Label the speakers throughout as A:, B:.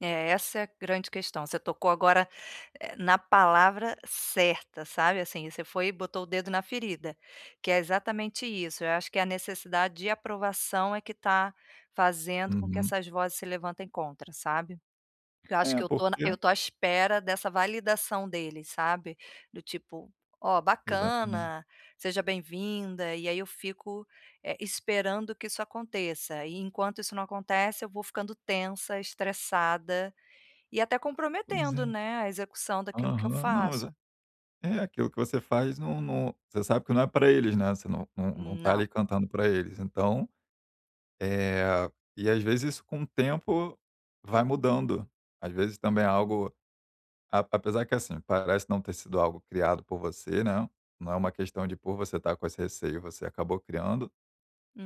A: É, essa é a grande questão, você tocou agora na palavra, eh, certa, sabe, assim, você foi e botou o dedo na ferida, que é exatamente isso, eu acho que a necessidade de aprovação é que está fazendo com que
B: Uhum.
A: essas vozes se levantem contra, sabe. Porque eu acho
B: É,
A: que eu estou na
B: porque
A: eu estou à espera dessa validação deles, sabe. Do tipo: "Ó,
B: Exatamen
A: bacana, seja bem-vinda", e aí eu fico, eh, esperando que isso aconteça, e, enquanto isso não acontece, eu vou ficando tensa, estressada e até
B: Pois
A: comprometendo,
B: é.
A: né, a execução daquilo que eu
B: Aham. Não, exa
A: faço.
B: é aquilo que você faz, não não você sabe que não é pra eles, né, você não não não está
A: Não.
B: ali cantando pra eles, então, eh, e às vezes isso com o tempo vai mudando, às vezes também é algo a apesar que assim, parece não ter sido algo criado por você, né, não é uma questão de por você estar com esse receio você acabou criando,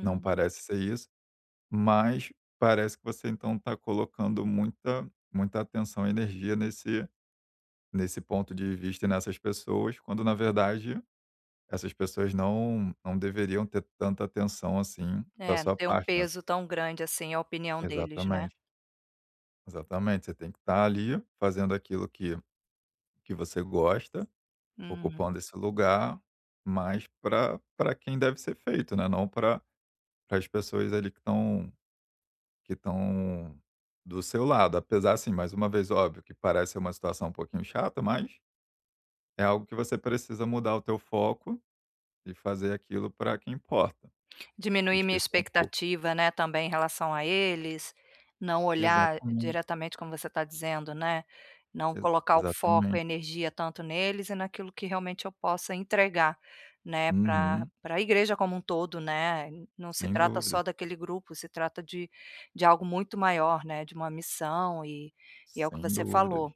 B: não parece ser isso, mas parece que você então tá colocando muita muita atenção e energia nesse nesse ponto de vista e nessas pessoas, quando, na verdade, essas pessoas não não deveriam ter tanta atenção assim da
A: É, não
B: sua
A: tem um
B: parte, né.
A: peso tão grande assim, a opinião deles, né.
B: Exatamente. Exatamente, você tem que estar ali fazendo aquilo que que você gosta,
A: Uhum.
B: ocupando esse lugar, mas pra pra quem deve ser feito, né, não pra pras pessoas ali que estão que estão do seu lado. Apesar, assim, mais uma vez, óbvio que parece ser uma situação um pouquinho chata, mas é algo que você precisa mudar o teu foco, e fazer aquilo pra que importa. E
A: Diminuir minha
B: esquecer um pouco.
A: expectativa, né, também em relação a eles, não olhar
B: Exatamente.
A: diretamente como você está dizendo, né, não
B: Ex
A: colocar o foco,
B: Exatamente.
A: energia tanto neles e naquilo que realmente eu possa entregar, né, pra
B: Uhum.
A: pra igreja como um todo, né. Não se
B: Sem
A: trata
B: dúvida.
A: só daquele grupo, se trata de de algo muito maior, né, de uma missão e e é o que
B: Sem
A: você
B: dúvidas.
A: falou,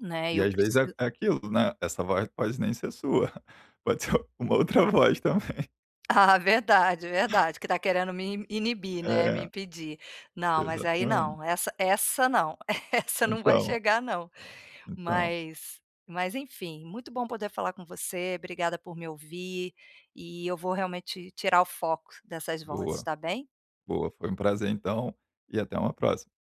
A: né,
B: E
A: eu
B: às vezes é
A: preciso
B: é aquilo, né, essa voz pode nem ser sua, pode ser uma outra voz também.
A: Ah, verdade, verdade, que está querendo me in inibir, né, me
B: É.
A: impedir. Não, mas aí
B: Exatamente.
A: não, essa essa não, essa não vai
B: Então
A: chegar não.
B: Então.
A: Mas mas enfim, muito bom poder falar com você, obrigada por me ouvir, e eu vou realmente tirar o foco dessas vozes,
B: Boa,
A: está bem?
B: boa. Foi uma prazer então, e até uma próxima.